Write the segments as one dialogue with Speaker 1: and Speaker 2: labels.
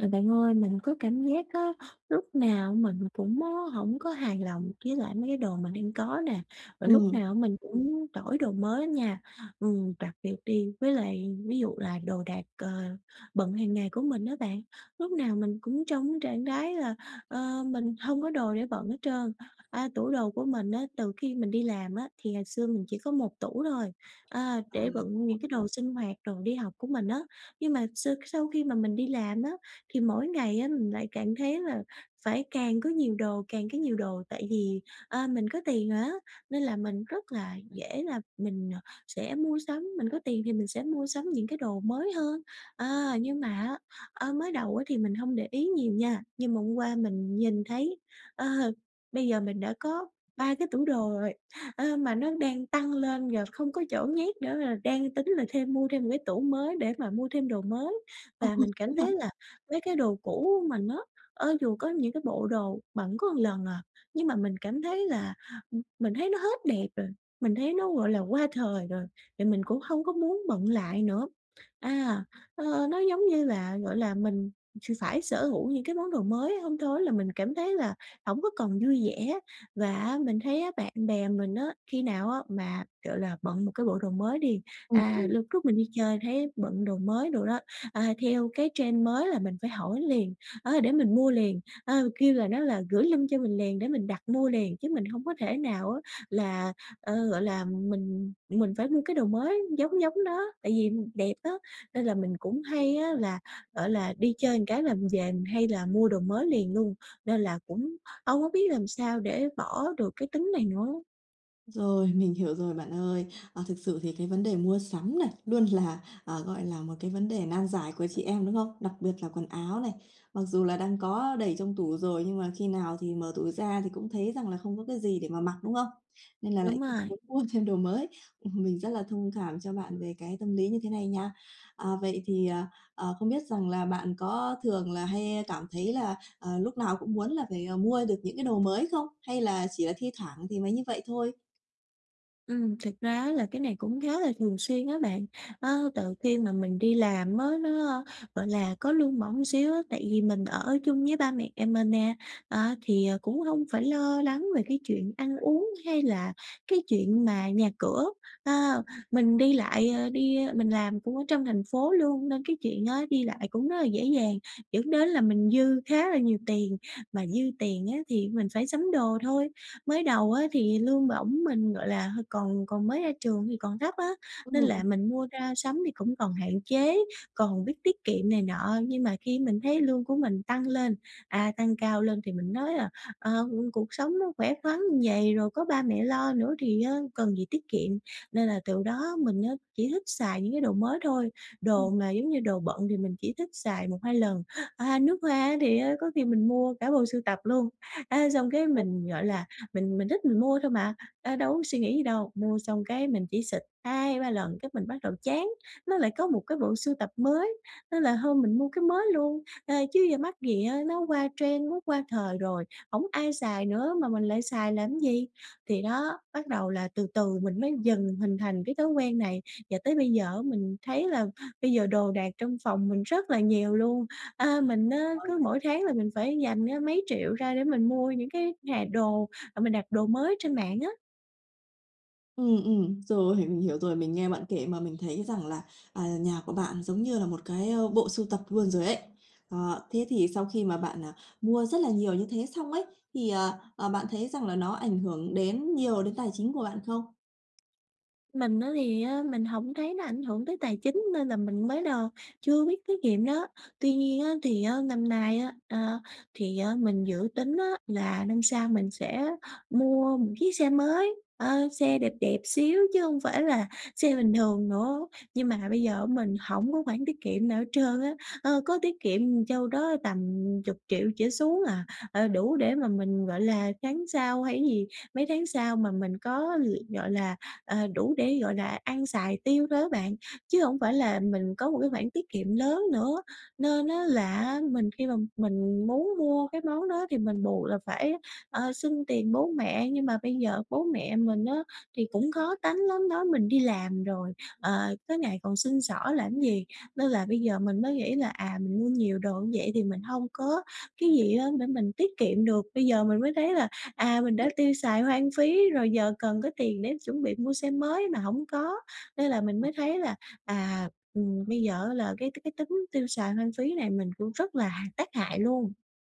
Speaker 1: Ờ, bạn ơi mình có cảm giác á lúc nào mình cũng á hổng có hài lòng với lại mấy cái đồ mà đang có nè, rồi lúc
Speaker 2: Ừm.
Speaker 1: nào á mình cũng muốn đổi đồ mới nha. Ừm, đặc biệt đi với lại ví dụ là đồ đạc, ờ, bận hàng ngày của mình á bạn, lúc nào mình cũng trong cái trạng thái là, ơ, mình hông có đồ để bận hết trơn. A, tủ đồ của mình á, từ khi mình đi làm á thì ngày xưa mình chỉ có 1 tủ thôi, a,
Speaker 2: Ừ.
Speaker 1: để bận những cái đồ sinh hoạt, đồ đi học của mình á, nhưng mà sơ sau khi mà mình đi làm á thì mỗi ngày á mình lại càng thấy là phải càng có nhiều đồ, càng có nhiều đồ, tại vì, ơ, mình có tiền rồi á nên là mình rất là dễ là mình, ờ, sẽ mua sắm, mình có tiền thì mình sẽ mua sắm những cái đồ mới hơn. Ờ, nhưng mà á, ơ, mới đầu á thì mình hông để ý nhiều nha, nhưng mà hôm qua mình nhìn thấy, ờ, bây giờ mình đã có 3 cái tủ đồ rồi, ơ, mà nó đang tăng lên và không có chỗ nhét nữa, là đang tính là thêm mua thêm 1 cái tủ mới để mà mua thêm đồ mới.
Speaker 2: Ừ,
Speaker 1: Và
Speaker 2: ừ,
Speaker 1: mình
Speaker 2: đúng
Speaker 1: cảm
Speaker 2: rồi.
Speaker 1: thấy là mấy cái đồ cũ mà nó ơ, dù có những cái bộ đồ bận có một lần à, nhưng mà mình cảm thấy là ừm, mình thấy nó hết đẹp rồi, mình thấy nó, gọi là, qua thời rồi, thì mình cũng hông có muốn bận lại nữa. À, ơ, nó giống như là, gọi là, mình x phải sở hữu những cái món đồ mới hông thôi á là mình cảm thấy là hổng có còn vui vẻ. Và, á, mình thấy á bạn bè mình á khi nào á mà, gọi là, bận một cái bộ đồ mới đi
Speaker 2: Ừm,
Speaker 1: à,
Speaker 2: ừm.
Speaker 1: lúc trước mình đi chơi thấy bận đồ mới đồ đó, à, theo cái trend mới là mình phải hỏi liền, á, để mình mua liền, ơ, kêu là, nó là gửi link cho mình liền để mình đặt mua liền chứ mình hông có thể nào á là ờ, gọi là, mình mình phải mua cái đồ mới giống giống nó, tại vì đẹp á, nên là mình cũng hay á là, gọi là, đi chơi một cái là mình về mình hay là mua đồ mới liền luôn, nên là cũng hông có biết làm sao để bỏ được cái tính này nữa?
Speaker 2: Rồi, mình hiểu rồi bạn ơi. À, thực sự thì cái vấn đề mua sắm nè, luôn là, à, gọi là, một cái vấn đề nan giải của chị em, đúng không? Đặc biệt là quần áo này, mặc dù là đang có đầy trong tủ rồi nhưng mà khi nào thì mở tủ ra thì cũng thấy rằng là không có cái gì để mà mặc, đúng không? Nên là lại
Speaker 1: Đúng
Speaker 2: cứ
Speaker 1: rồi.
Speaker 2: muốn mua thêm đồ mới. Ừm, mình rất là thông cảm cho bạn về cái tâm lý như thế này nha. À, vậy thì, à, ờ, không biết rằng là bạn có thường là hay cảm thấy là, ờ, lúc nào cũng muốn là phải, à, mua được những cái đồ mới không hay là chỉ là thi thoảng thì mới như vậy thôi?
Speaker 1: Ừm, thực ra á là cái này cũng khá là thường xuyên á bạn, ơ, từ khi mà mình đi làm á, nó, gọi là, có lương bổng xíu á, tại vì mình ở chung với ba mẹ mình nè, á thì, à, cũng hông phải lo lắng về cái chuyện ăn uống hay là cái chuyện mà nhà cửa, a, mình đi lại, à, đi ơ, mình làm cũng ở trong thành phố luôn nên cái chuyện á, đi lại cũng rất là dễ dàng, dẫn đến là mình dư khá là nhiều tiền, mà dư tiền á thì mình phải sắm đồ thôi. Mới đầu á thì lương bổng mình, gọi là, hơi còn còn mới ra trường thì còn thấp á,
Speaker 2: Ừm
Speaker 1: nên là
Speaker 2: [unintelligible]
Speaker 1: mình mua ra sắm thì cũng còn hạn chế, còn biết tiết kiệm này nọ, nhưng mà khi mình thấy lương của mình tăng lên, à, tăng cao lên thì mình nói là: "À, ừm, cuộc sống nó khỏe khoắn như vầy, rồi có ba mẹ lo nữa thì á cần gì tiết kiệm." Nên là từ
Speaker 2: [unintelligible]
Speaker 1: đó mình á, chỉ thích xài những cái đồ mới thôi,
Speaker 2: Ừm.
Speaker 1: đồ mà giống như đồ bận thì mình chỉ thích xài 1-2 lần, à, nước hoa á, thì á có khi mình mua cả bộ sưu tập luôn, á, xong cái
Speaker 2: [unintelligible]
Speaker 1: mình, gọi là, mình mình thích mình mua thôi mà, ơ, đâu có suy nghĩ gì đâu. Mua xong cái mình chỉ xịt 2-3 lần cái mình bắt đầu chán, nó lại có một cái bộ sưu tập mới nên là thôi mình mua cái mới luôn, ờ, chứ giờ mắc gì á, nó qua trend, nó qua thời rồi, hổng ai xài nữa mà mình lại xài làm gì. Thì đó, bắt đầu là từ từ mình mới dần mình hình thành cái thói quen này và tới bây giờ á mình thấy là bây giờ đồ đạc trong phòng mình rất là nhiều luôn. A, mình á,
Speaker 2: [unintelligible]
Speaker 1: cứ mỗi tháng là mình phải dành ra mấy triệu ra để mình mua những cái hà đồ, à, mình đặt đồ mới trên mạng á.
Speaker 2: Ừm, ừm. Rồi mình hiểu rồi, mình nghe bạn kể mà mình thấy rằng là, à, nhà của bạn giống như là một cái, ơ, bộ sưu tập luôn rồi ấy. Ờ, thế thì sau khi mà bạn, à, mua rất là nhiều như thế xong ấy, thì, ờ, ờ, bạn thấy rằng là nó ảnh hưởng đến nhiều đến tài chính của bạn không?
Speaker 1: Mình á thì á mình hổng thấy nó ảnh hưởng tới tài chính nên là mình mới đầu chưa biết tiết kiệm đó. Tuy nhiên á thì á năm nay á, ờ, thì á mình dự tính á, là năm sau mình sẽ mua một chiếc xe mới, ơ, xe đẹp đẹp xíu chứ hông phải là xe bình thường nữa. Nhưng mà bây giờ á, mình hổng có khoản tiết kiệm nào hết trơn á. Ơ, có tiết kiệm, ừm, châu đó tầm 10.000.000 trở xuống à, ờ, đủ để mà mình, gọi là, tháng sau hay cái gì, mấy tháng sau mà mình có việc, gọi là, ờ, đủ để, gọi là, ăn, xài, tiêu thôi đó bạn. Chứ hổng phải là mình có một cái khoản tiết kiệm lớn nữa, nên á, là á, mình khi mà mình muốn mua cái món đó thì mình buộc là phải, ờ, xin tiền bố mẹ, nhưng mà bây giờ bố mẹ mình á thì cũng khó tánh lắm, nói mình đi làm rồi, ờ, tối ngày còn xin xỏ làm cái gì. Nên là bây giờ mình mới nghĩ là, à, mình mua nhiều đồ như vậy thì mình hông có cái gì á để mình tiết kiệm được. Bây giờ mình mới thấy là, à, mình đã
Speaker 2: [unintelligible]
Speaker 1: tiêu xài hoang phí rồi, giờ cần có tiền để chuẩn bị mua xe mới mà hổng có nên là mình
Speaker 2: Ờ
Speaker 1: mới
Speaker 2: ha.
Speaker 1: thấy là, à, ừm, bây giờ á là cái tơ cái tính tiêu xài hoang phí này mình cũng rất là hà tác hại luôn.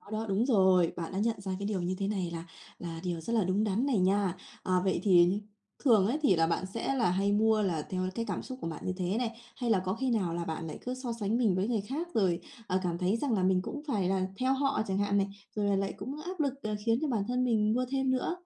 Speaker 2: Đó, đó đúng rồi, bạn đã nhận ra cái điều như thế này là là điều rất là đúng đắn này nha. Ờ, vậy thì thường ấy, thì là bạn sẽ là hay mua là theo cái cảm xúc của bạn như thế này, hay là có khi nào là bạn lại cứ so sánh mình với người khác rồi, ờ, cảm thấy rằng là mình cũng phải là theo họ chẳng hạn này, rồi là lại cũng áp lực, ờ, khiến cho bản thân mình mua thêm nữa?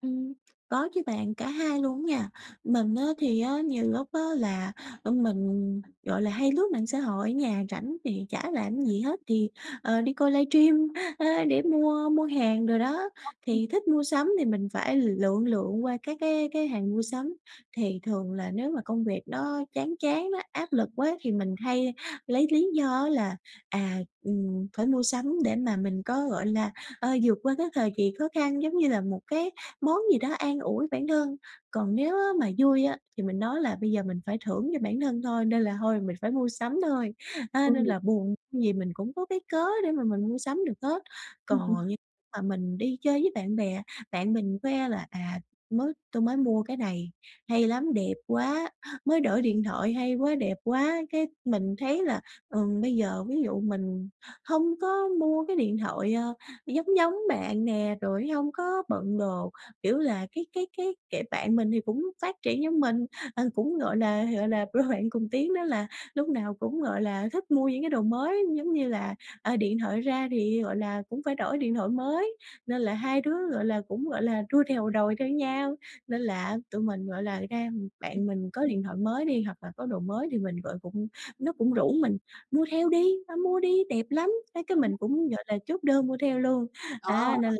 Speaker 1: Ừm, có chứ bạn, cả 2 luôn á nha. Mình á thì á, nhiều lúc á là, ờ, mình, gọi là, hay lướt mạng xã hội ở nhà rảnh thì chả làm cái gì hết thì, ờ, đi coi livestream, ơ, để mua mua hàng đồ đó,
Speaker 2: [unintelligible] Ừm.
Speaker 1: thì thích mua sắm thì mình phải l lượn lượn qua các cái cái hàng mua sắm. Thì thường là nếu mà công việc nó chán chán á, áp lực quá thì mình hay lấy lý do á là, à, ừm, phải mua sắm để mà mình có, gọi là, ờ, vượt qua cái thời kỳ khó khăn, giống như là một cái món gì đó an ủi bản thân, còn nếu á mà vui á thì mình nói là: "Bây giờ mình phải thưởng cho bản thân thôi, nên là thôi mình phải mua sắm thôi!" A, nên
Speaker 2: Ừm.
Speaker 1: là buồn vui gì mình cũng có cái cớ để mà mình mua sắm được hết. Còn như mà mình đi chơi với bạn bè, bạn mình khoe là: "À, mới tôi mới mua cái này hay lắm, đẹp quá!" "Mới đổi điện thoại hay quá, đẹp quá!" Cái mình thấy là, ừm, bây giờ ví dụ mình hông có mua cái điện thoại, ờ, giống giống bạn nè, rồi hông có bận đồ, kiểu là, cái cái cái, kiểu, bạn mình thì cũng phát triển giống mình, ờ, cũng, gọi là gọi là, đôi bạn cùng tiến đó là lúc nào cũng, gọi là, thích mua những cái đồ mới giống như là, ờ, điện thoại ra thì, gọi là, cũng phải đổi điện thoại mới, nên là hai đứa, gọi là, cũng, gọi là, đua theo đòi theo nhau, nên là tụi mình, gọi là, ra
Speaker 2: Ừ.
Speaker 1: bạn mình có điện thoại mới đi hoặc là có đồ mới thì mình gọi cũng nó cũng rủ mình "Mua theo đi, ra mua đi, đẹp lắm!" Mấy cái mình
Speaker 2: [unintelligible]
Speaker 1: cũng, gọi là, chốt đơn mua theo luôn,
Speaker 2: Đó.
Speaker 1: á nên là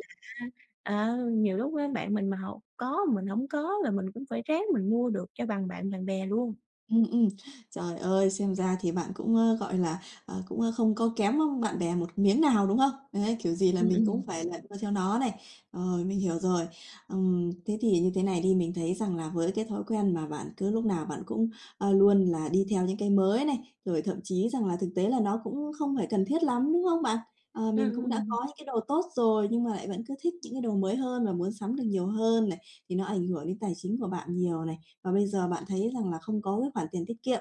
Speaker 1: á, ờ, nhiều lúc á, bạn mình mà họ có mình hổng có là mình cũng phải ráng mình mua được cho bằng bạn bằng bè luôn.
Speaker 2: Ừm, ừm. Trời ơi! Xem ra thì bạn cũng, ơ, gọi là, ờ, cũng không có kém, ơ, bạn bè một miếng nào, đúng không? Đấy, kiểu gì là
Speaker 1: Ừm,
Speaker 2: mình cũng
Speaker 1: ừm.
Speaker 2: phải là đua theo nó này. Ờ, mình hiểu rồi. Ừm, thế thì như thế này đi, mình thấy rằng là với cái thói quen mà bạn cứ lúc nào bạn cũng, ơ, luôn là đi theo những cái mới này, rồi thậm chí rằng là thực tế là nó cũng không phải cần thiết lắm, đúng không bạn? Ờ,
Speaker 1: Ừm,
Speaker 2: mình cũng đã
Speaker 1: ừm.
Speaker 2: có những cái đồ tốt rồi nhưng mà lại vẫn cứ thích những cái đồ mới hơn và muốn sắm được nhiều hơn này, thì nó ảnh hưởng đến tài chính của bạn nhiều này và bây giờ bạn thấy rằng là không có cái khoản tiền tiết kiệm.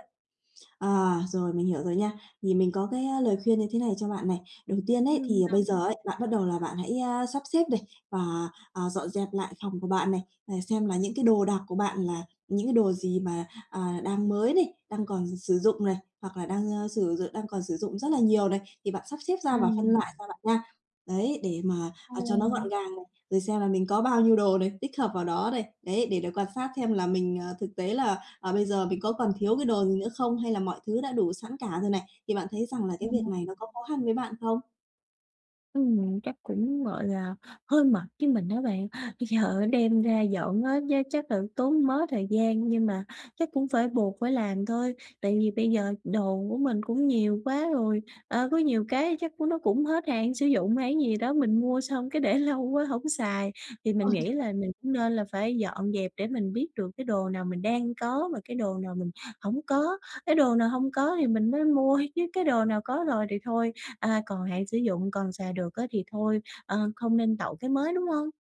Speaker 2: Ờ, rồi mình hiểu rồi nha, thì mình có cái, a, lời khuyên như thế này cho bạn này. Đầu tiên ấy
Speaker 1: Ừm
Speaker 2: thì
Speaker 1: nhỉ.
Speaker 2: bây giờ ấy, bạn bắt đầu là bạn hãy, ơ, sắp xếp này và, ờ, dọn dẹp lại phòng của bạn này, à, xem là những cái đồ đạc của bạn là những cái đồ gì mà, ờ, đang mới này, đang còn sử dụng này, hoặc là đang, ơ, sử d đang còn sử dụng rất là nhiều này, thì bạn sắp xếp ra và phân
Speaker 1: Ừm.
Speaker 2: loại ra bạn nha. Đấy, để mà, ờ, cho nó gọn
Speaker 1: Ồ.
Speaker 2: gàng này, rồi xem là mình có bao nhiêu đồ này, tích hợp vào đó này. Đấy, để đó quan sát xem là mình, ờ, thực tế là, ờ, bây giờ mình có còn thiếu cái đồ gì nữa không hay là mọi thứ đã đủ sẵn cả rồi này, thì bạn thấy rằng là cái việc
Speaker 1: Ồ.
Speaker 2: này nó có khó khăn với bạn không?
Speaker 1: Ừm, chắc cũng, gọi là, hơi mệt với mình á bạn. Bây giờ á, đem ra dọn á, giá chắc là tốn mớ thời gian nhưng mà chắc cũng phải buộc phải làm thôi, tại vì bây giờ đồ của mình cũng nhiều quá rồi, ờ, có nhiều cái chắc c nó cũng hết hạn sử dụng hay cái gì đó, mình mua xong cái để lâu quá hổng xài. Thì mình nghĩ
Speaker 2: [unintelligible]
Speaker 1: là mình cũng nên là phải dọn dẹp để mình biết được cái đồ nào mình đang có và cái đồ nào mình hổng có. Cái đồ nào hông có thì mình mới mua thôi chứ cái đồ nào có rồi thì thôi, à, còn hạn sử dụng còn sài được á, thì thôi, ờ, không nên tậu cái mới, đúng hông?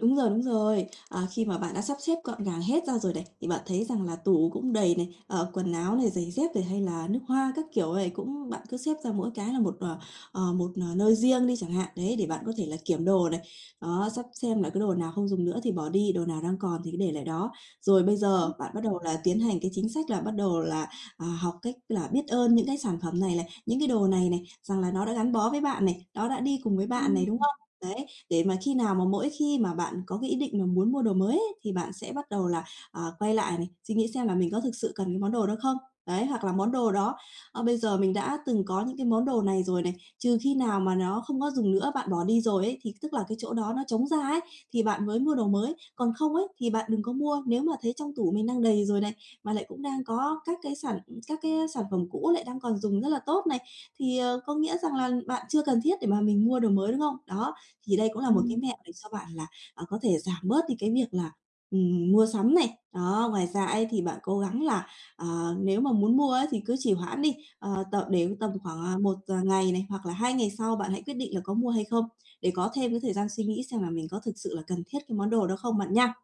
Speaker 2: Đúng rồi, đúng rồi. À, khi mà bạn đã sắp xếp gọn gàng hết ra rồi này, thì bạn thấy rằng là tủ cũng đầy này, ờ, quần áo này, giày dép này hay là nước hoa các kiểu này cũng bạn cứ xếp ra mỗi cái là một, ờ, ờ, một, ờ, nơi riêng đi chẳng hạn, đấy, để bạn có thể là kiểm đồ này. Đó, sắp xem là cái đồ nào không dùng nữa thì bỏ đi, đồ nào đang còn thì cứ để lại đó. Rồi bây giờ,
Speaker 1: Ừm.
Speaker 2: bạn bắt đầu là tiến hành cái chính sách là bắt đầu là, ờ, học cách là biết ơn những cái sản phẩm này này, những cái đồ này này, rằng là nó đã gắn bó với bạn này, nó đã đi cùng với bạn
Speaker 1: Ừm,
Speaker 2: này, đúng
Speaker 1: ừ.
Speaker 2: không? Đấy, để mà khi nào mà mỗi khi mà bạn có cái ý định mà muốn mua đồ mới ấy, thì bạn sẽ bắt đầu là, ờ, quay lại này, suy nghĩ xem là mình có thực sự cần cái món đồ đó không? Đấy, hoặc là món đồ đó, ơ, bây giờ mình đã từng có những cái món đồ này rồi này, trừ khi nào mà nó không có dùng nữa, bạn bỏ đi rồi ấy, thì c tức là cái chỗ đó nó trống ra ấy, thì bạn mới mua đồ mới, còn không ấy thì bạn đừng có mua. Nếu mà thấy trong tủ mình đang đầy rồi này, mà lại cũng đang có các cái sản các cái, ơ, sản phẩm cũ lại đang còn dùng rất là tốt này, thì, ờ, có nghĩa rằng là bạn chưa cần thiết để mà mình mua đồ mới, đúng không? Đó, thì đây cũng là một
Speaker 1: Ừm.
Speaker 2: cái mẹo để cho bạn là, à, có thể giảm bớt đi cái việc là, ừm, mua sắm này. Đó, ngoài ra ấy thì bạn cố gắng là, ờ, nếu mà muốn mua ấy thì cứ trì hoãn đi, ờ, t để tầm khoảng, à, 1 d ngày này hoặc là 2 ngày sau bạn hãy quyết định là có mua hay không? Để có thêm cái thời gian suy nghĩ xem là mình có thực sự là cần thiết cái món đồ đó không bạn nha.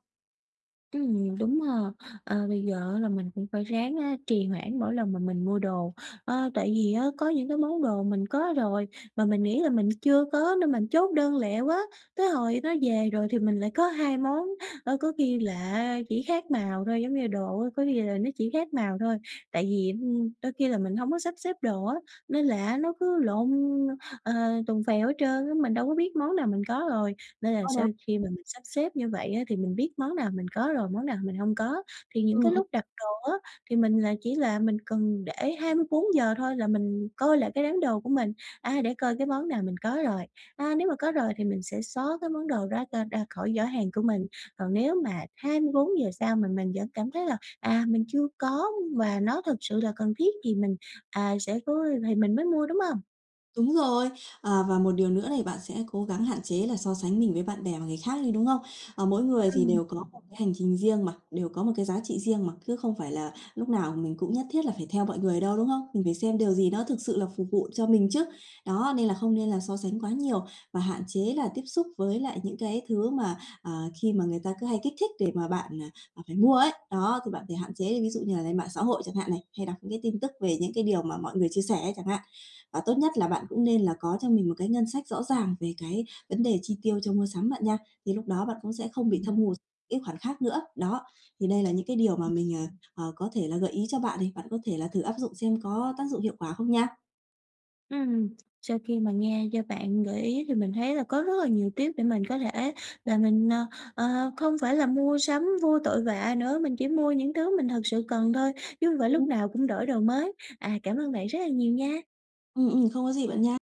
Speaker 1: Ừm, đúng ha! À, bây giờ á là mình cũng phải ráng á trì hoãn mỗi lần mà mình mua đồ, ờ, tại vì á có những cái món đồ mình có rồi mà mình nghĩ là mình chưa có nên mình chốt đơn lẹ quá, tới hồi nó về rồi thì mình lại có 2 món, ơ, có khi là á chỉ khác màu thôi giống như là đồ á, có khi là nó chỉ khác màu thôi. Tại vì, ừm, đôi khi là mình hổng có sắp xếp đồ á, nên là á nó cứ lộn, ờ, tùng phèo hết trơn á, mình đâu có biết món nào mình có rồi. Nên là
Speaker 2: Ờ.
Speaker 1: sau khi mà mình sắp xếp như vậy á thì mình biết món nào mình có rồi món nào mình hông có thì những
Speaker 2: Ừm,
Speaker 1: cái
Speaker 2: ừm.
Speaker 1: lúc đặt đồ á thì mình là chỉ là mình cần để 24 giờ thôi là mình coi lại cái đám đồ của mình, à, để coi cái món nào mình có rồi. À, nếu mà có rồi thì mình sẽ xóa cái món đồ đó ra ra khỏi giỏ hàng của mình, còn nếu mà 24 giờ sau mà mình vẫn cảm thấy là, à, mình chưa có và nó thực sự là cần thiết thì mình, à, sẽ cố thì mình mới mua, đúng hông?
Speaker 2: Đúng rồi. À, và một điều nữa này bạn sẽ cố gắng hạn chế là so sánh mình với bạn bè và người khác đi, đúng không? À, mỗi người thì
Speaker 1: Ừm.
Speaker 2: đều có một cái hành trình riêng mà, đều có một cái giá trị riêng mà cứ không phải là lúc nào mình cũng nhất thiết là phải theo mọi người đâu, đúng không? Mình phải xem điều gì nó thực sự là phục vụ cho mình chứ. Đó, nên là không nên là so sánh quá nhiều và hạn chế là tiếp xúc với lại những cái thứ mà, à, khi mà người ta cứ hay kích thích để mà bạn, à, à, phải mua ấy. Đó thì bạn phải hạn chế đi, ví dụ như là lên mạng xã hội chẳng hạn này, hay đọc những cái tin tức về những cái điều mà mọi người chia sẻ ấy chẳng hạn. À, tốt nhất là bạn cũng nên là có cho mình một cái ngân sách rõ ràng về cái vấn đề chi tiêu cho mua sắm bạn nha, thì lúc đó bạn cũng sẽ không bị thâm
Speaker 1: Ừm.
Speaker 2: hụt cái khoản khác nữa. Đó, thì đây là những cái điều mà
Speaker 1: Ừm.
Speaker 2: mình, à, à, có thể là gợi ý cho bạn đi, bạn có thể là thử áp dụng xem có tác dụng hiệu quả không nha.
Speaker 1: Ừm, sau khi mà nghe do bạn gợi ý thì mình thấy là có rất là nhiều tip để mình có thể và mình, ờ, ờ, không phải là mua sắm vô tội vạ nữa, mình chỉ mua những thứ mình thực sự cần thôi, chứ không phải
Speaker 2: Ừm.
Speaker 1: lúc nào cũng đổi đồ mới. À, cảm ơn bạn rất là nhiều nha!
Speaker 2: Ừm, ừm, không có gì bạn nha!